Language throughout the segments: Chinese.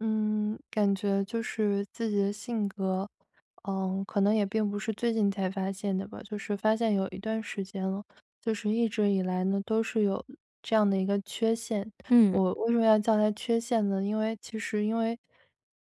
嗯，感觉就是自己的性格，呃，可能也并不是最近才发现的吧，就是发现有一段时间了，就是一直以来呢，都是有这样的一个缺陷。嗯。我为什么要叫它缺陷呢，因为其实因为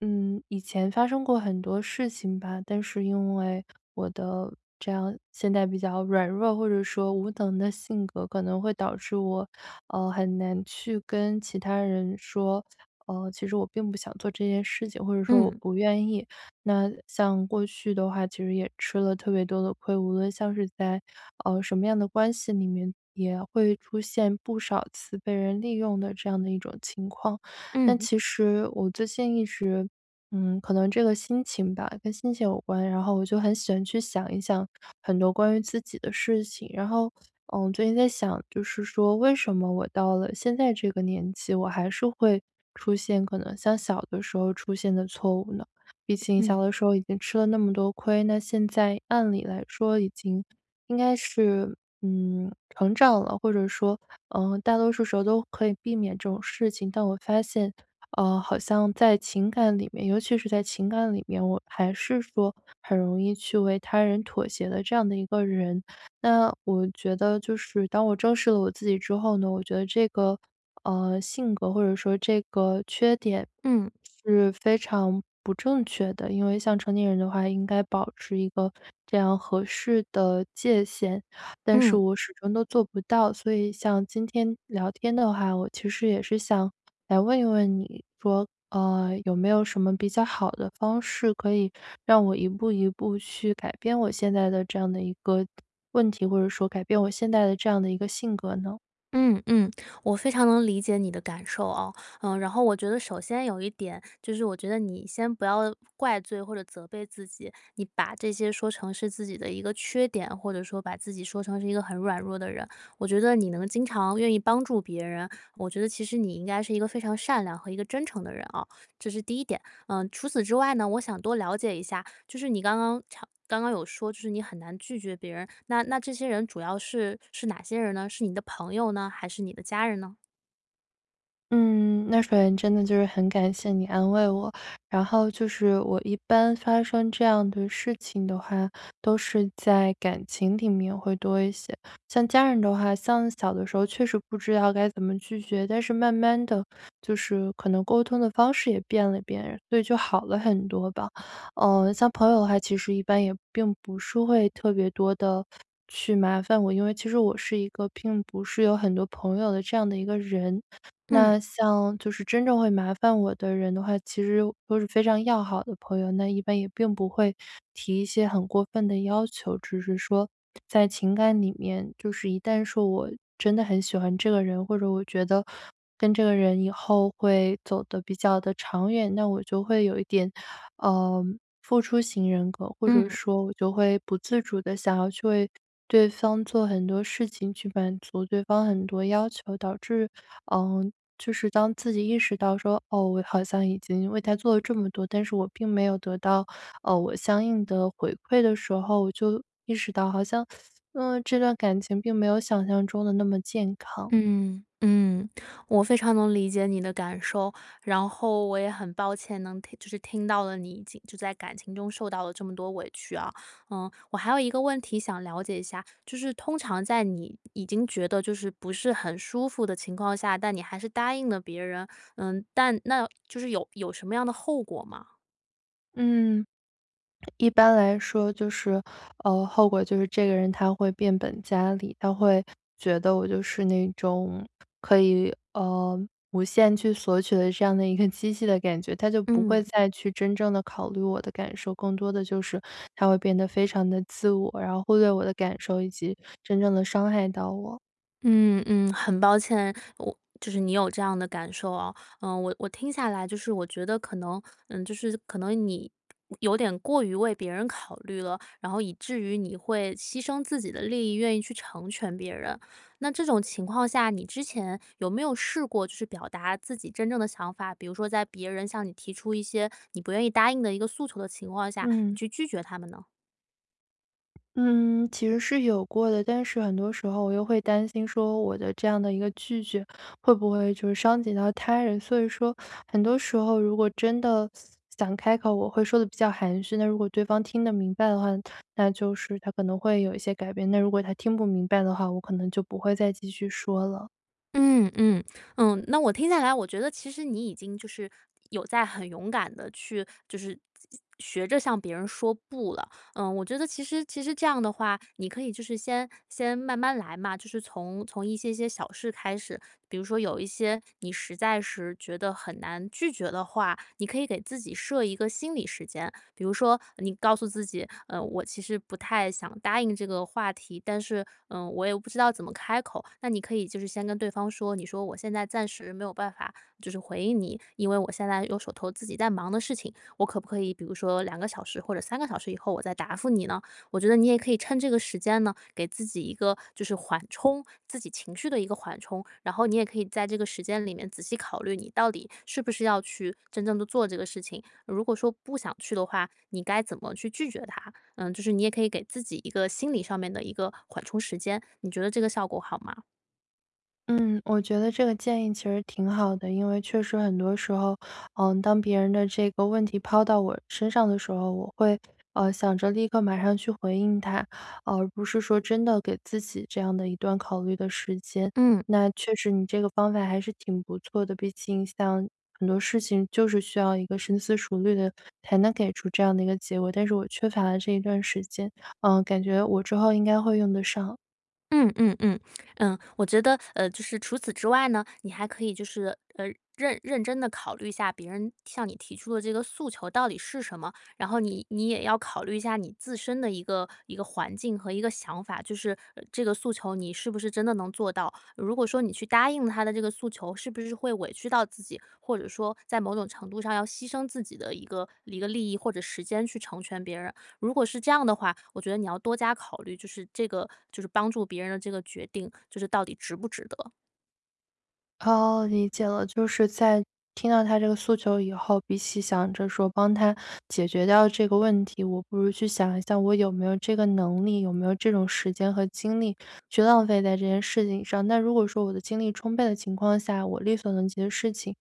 嗯，以前发生过很多事情吧，但是因为我的这样现在比较软弱，或者说无能的性格，可能会导致我，呃，很难去跟其他人说，呃，其实我并不想做这件事情，或者说我嗯。不愿意。那像过去的话其实也吃了特别多的亏，无论像是在，啊，什么样的关系里面也会出现不少次被人利用的这样的一种情况。但嗯。其实我最近一直嗯，可能这个心情吧，跟心情有关，然后我就很喜欢去想一想很多关于自己的事情。然后，呃，我最近在想，就是说为什么我到了现在这个年纪，我还是会出现可能像小的时候出现的错误呢？毕竟嗯。小的时候已经吃了那么多亏，那现在，按理来说已经应该是，嗯，成长了，或者说，呃，大多数时候都可以避免这种事情。但我发现，呃，好像在情感里面尤其是在情感里面，我还是说很容易去为他人妥协的这样的一个人。那我觉得就是当我正视了我自己之后呢，我觉得这个，呃，性格或者说这个缺点嗯。是非常不正确的，因为像成年人的话应该保持一个这样合适的界限，但是嗯。我始终都做不到。所以像今天聊天的话，我其实也是想来问一问你，说，呃，有没有什么比较好的方式可以让我一步一步去改变我现在的这样的一个问题，或者说改变我现在的这样的一个性格呢？嗯嗯，我非常能理解你的感受啊。呃，然后我觉得首先有一点，就是我觉得你先不要怪罪或者责备自己，你把这些说成是自己的一个缺点，或者说把自己说成是一个很软弱的人，我觉得你能经常愿意帮助别人，我觉得其实你应该是一个非常善良和一个真诚的人哦，这是第一点。呃，除此之外呢，我想多了解一下，就是你刚刚常刚刚有说就是你很难拒绝别人，那那这些人主要是是哪些人呢？是你的朋友呢？还是你的家人呢？嗯，那首先真的就是很感谢你安慰我。然后就是我一般发生这样的事情的话，都是在感情里面会多一些。像家人的话，像小的时候确实不知道该怎么拒绝，但是慢慢地就是可能沟通的方式也变了变，所以就好了很多吧。呃，像朋友的话，其实一般也并不是会特别多地去麻烦我，因为其实我是一个并不是有很多朋友的这样的一个人。嗯。那像就是真正会麻烦我的人的话，其实都是非常要好的朋友，那一般也并不会提一些很过分的要求。只是说在情感里面就是一旦说我真的很喜欢这个人，或者我觉得跟这个人以后会走得比较地长远，那我就会有一点，呃，付出型人格，或者嗯。说我就会不自主地想要去为对方做很多事情，去满足对方很多要求，导致呃，就是当自己意识到说，哦，我好像已经为他做了这么多，但是我并没有得到，呃，我相应的回馈的时候，我就意识到好像，呃，这段感情并没有想象中地那么健康。嗯，嗯，我非常能理解你的感受。然后我也很抱歉能听就是听到了你已经就在感情中受到了这么多委屈啊。呃，我还有一个问题想了解一下，就是通常在你已经觉得就是不是很舒服的情况下，但你还是答应了别人，呃，但那就是有有什么样的后果吗？嗯。一般来说就是，呃，后果就是这个人他会变本加厉，他会觉得我就是那种可以，呃，无限去索取的这样的一个机器的感觉，他就不嗯。会再去真正地考虑我的感受，更多的就是他会变得非常地自我，然后忽略我的感受以及真正地伤害到我。嗯嗯，很抱歉，我就是你有这样的感受啊。呃，我我听下来就是我觉得，可能，呃，就是可能你，呃，有点过于为别人考虑了。然后以至于你会牺牲自己的利益，愿意去成全别人。那这种情况下，你之前有没有试过去表达自己真正的想法，比如说在别人向你提出一些你不愿意答应的一个诉求的情况下，你嗯。去拒绝他们呢？嗯，其实是有过的，但是很多时候我又会担心说我的这样的一个拒绝会不会就是伤及到他人。所以说很多时候如果真的 想开口，我会说得比较含蓄，那如果对方听得明白的话，那就是他可能会有一些改变，那如果他听不明白的话，我可能就不会再继续说了。嗯，嗯，嗯，那我听下来，我觉得其实你已经就是有在很勇敢地去就是学着向别人说不了。呃，我觉得其实其实这样的话，你可以就是先先慢慢来嘛，就是从从一些些小事开始，比如说有一些你实在是觉得很难拒绝的话，你可以给自己设一个心理时间，比如说你告诉自己，呃，我其实不太想答应这个话题，但是，呃，我又不知道怎么开口，那你可以就是先跟对方说，你说我现在暂时没有办法，就是回应你，因为我现在有手头自己在忙的事情，我可不可以比如说2个小时或者3个小时以后我再答复你呢？我觉得你也可以趁这个时间呢，给自己一个就是缓冲，自己情绪的一个缓冲，然后你也可以在这个时间里面仔细考虑你到底是不是要去真正地做这个事情。如果说不想去的话，你该怎么去拒绝他？呃，就是你也可以给自己一个心理上面的一个缓冲时间，你觉得这个效果好吗？嗯，我觉得这个建议其实挺好的，因为确实很多时候，呃，当别人的这个问题抛到我身上的时候，我会，呃，想着立刻马上去回应他，而不是说真的给自己这样的一段考虑的时间，嗯。那确实你这个方法还是挺不错的。毕竟像很多事情，就是需要一个深思熟虑的才能给出这样的一个结果，但是我缺乏了这一段时间，呃，感觉我之后应该会用得上。嗯嗯嗯，嗯，我觉得，呃，就是除此之外呢，你还可以就是，呃，认认真地考虑一下别人向你提出的这个诉求到底是什么。然后你你也要考虑一下你自身的一个一个环境和一个想法，就是，呃，这个诉求你是不是真的能做到。如果说你去答应他的这个诉求，是不是会委屈到自己，或者说在某种程度上要牺牲自己的一个一个利益或者时间去成全别人。如果是这样的话，我觉得你要多加考虑，就是这个就是帮助别人的这个决定就是到底值不值得。哦，理解了。就是在听到他这个诉求以后，比起想着说帮他解决掉这个问题，我不如去想一下我有没有这个能力，有没有这种时间和精力去浪费在这件事情上。那如果说我的精力充沛的情况下，我力所能及的事情，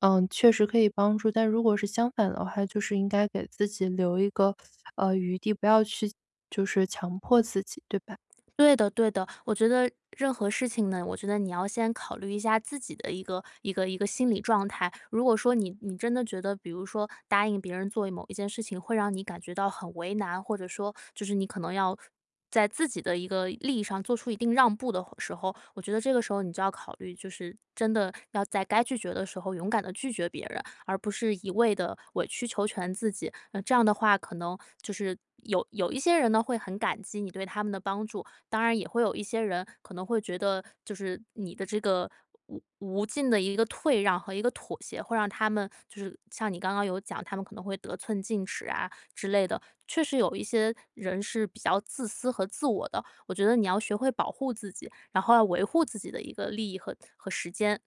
呃，确实可以帮助。但如果是相反的话就是应该给自己留一个，呃，余地，不要去就是强迫自己，对吧？对的对的，我觉得任何事情呢，我觉得你要先考虑一下自己的一个一个一个心理状态。如果说你你真的觉得，比如说答应别人做一某一件事情，会让你感觉到很为难，或者说就是你可能要在自己的一个利益上做出一定让步的话时候。我觉得这个时候你就要考虑，就是真的要在该拒绝的时候勇敢地拒绝别人，而不是一味地委曲求全自己。那这样的话可能就是有有一些人呢，会很感激你对他们的帮助，当然也会有一些人可能会觉得就是你的这个无无尽的一个退让和一个妥协，会让他们就是像你刚刚有讲，他们可能会得寸进尺啊之类的。确实有一些人是比较自私和自我的，我觉得你要学会保护自己，然后要维护自己的一个利益和和时间。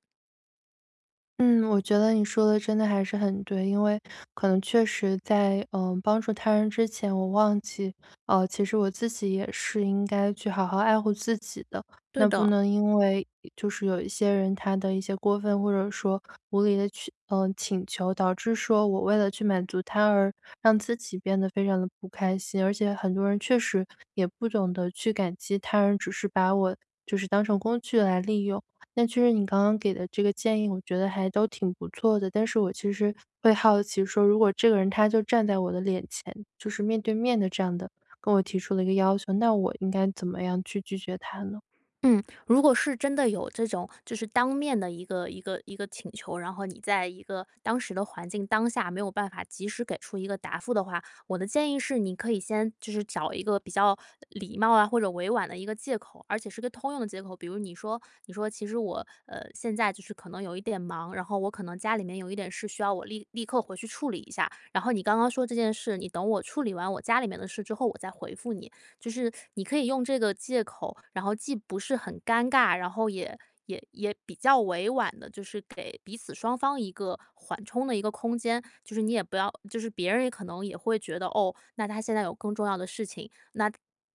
嗯，我觉得你说得真的还是很对。因为，可能确实在，呃，帮助他人之前，我忘记，呃，其实我自己也是应该去好好爱护自己的。对那不的。能因为，呃，就是有一些人他的一些过分，或者说无理的请呃，请求，导致说我为了去满足他而让自己变得非常地不开心。而且很多人确实，也不懂得去感激他人，只是把我就是当成工具来利用。那确实你刚刚给的这个建议，我觉得还都挺不错的。但是我其实会好奇说，如果这个人他就站在我的脸前，就是面对面地这样的跟我提出了一个要求，那我应该怎么样去拒绝他呢？嗯，如果是真的有这种，就是当面的一个一个一个请求，然后你在一个当时的环境当下没有办法及时给出一个答复的话。我的建议是你可以先就是找一个比较礼貌啊，或者委婉的一个借口，而且是个通用的借口。比如你说你说：“其实我，呃，现在就是可能有一点忙，然后我可能家里面有一点事需要我立立刻回去处理一下。然后你刚刚说这件事，你等我处理完我家里面的事之后，我再回复你。”就是你可以用这个借口，然后既不是很尴尬，然后也也也比较委婉地就是给彼此双方一个缓冲的一个空间。就是你也不要就是别人也可能也会觉得哦，那她现在有更重要的事情。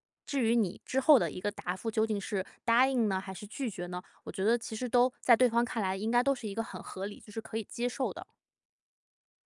那至于你之后的一个答复，究竟是答应呢，还是拒绝呢？我觉得其实都在对方看来应该都是一个很合理，就是可以接受的。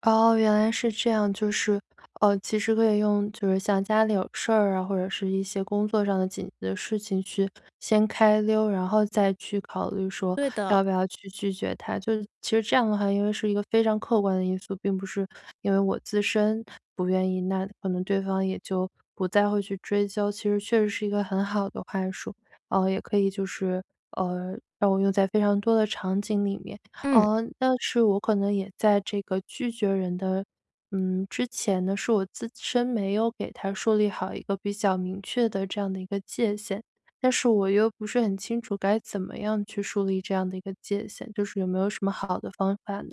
哦，原来是这样，就是，呃，其实可以用就是像家里有事儿啊，或者是一些工作上的紧急的事情去先开溜，然后再去考虑说对的。要不要去拒绝他，就其实这样的话因为是一个非常客观的因素，并不是因为我自身不愿意，那可能对方也就不再会去追究，其实确实是一个很好的话术。嗯，也可以就是，呃，让我用在非常多的场景里面，嗯。嗯，但是我可能也在这个拒绝人的，嗯，之前呢，是我自身没有给他树立好一个比较明确的这样的一个界限，但是我又不是很清楚该怎么样去树立这样的一个界限，就是有没有什么好的方法呢？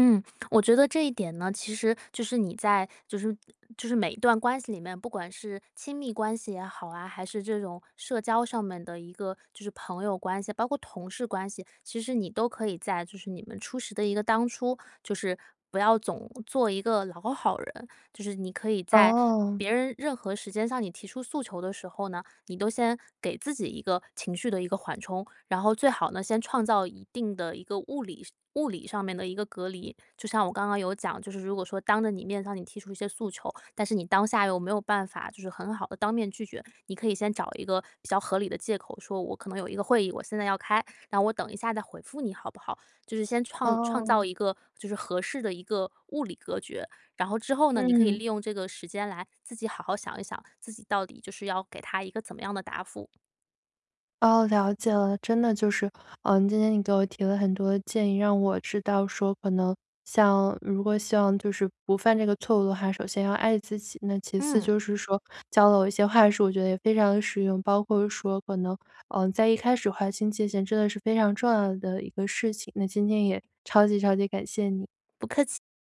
嗯，我觉得这一点呢，其实就是你在就是嗯，就是每一段关系里面，不管是亲密关系也好啊，还是这种社交上面的一个就是朋友关系，包括同事关系，其实你都可以在就是你们初识的一个当初就是不要总做一个老好人。就是你可以在哦。别人任何时间向你提出诉求的时候呢，你都先给自己一个情绪的一个缓冲。然后最好呢，先创造一定的一个物理上物理上面的一个隔离。就像我刚刚有讲，就是如果说当着你面向你提出一些诉求，但是你当下又没有办法就是很好地当面拒绝。你可以先找一个比较合理的借口，说：“我可能有一个会议，我现在要开，那我等一下再回复你，好不好？”就是先创创哦。造一个就是合适的一个物理隔绝，然后之后呢，你可以嗯。利用这个时间来自己好好想一想自己到底就是要给他一个怎么样的答复。哦，了解了，真的就是，嗯，今天你给我提了很多建议，让我知道说可能像如果希望就是不犯这个错误的话，首先要爱自己。那其次嗯。就是说，教了我一些话术，我觉得也非常地实用，包括说可能，嗯，在一开始划清界限真的是非常重要的一个事情，那今天也超级超级感谢你。不客气。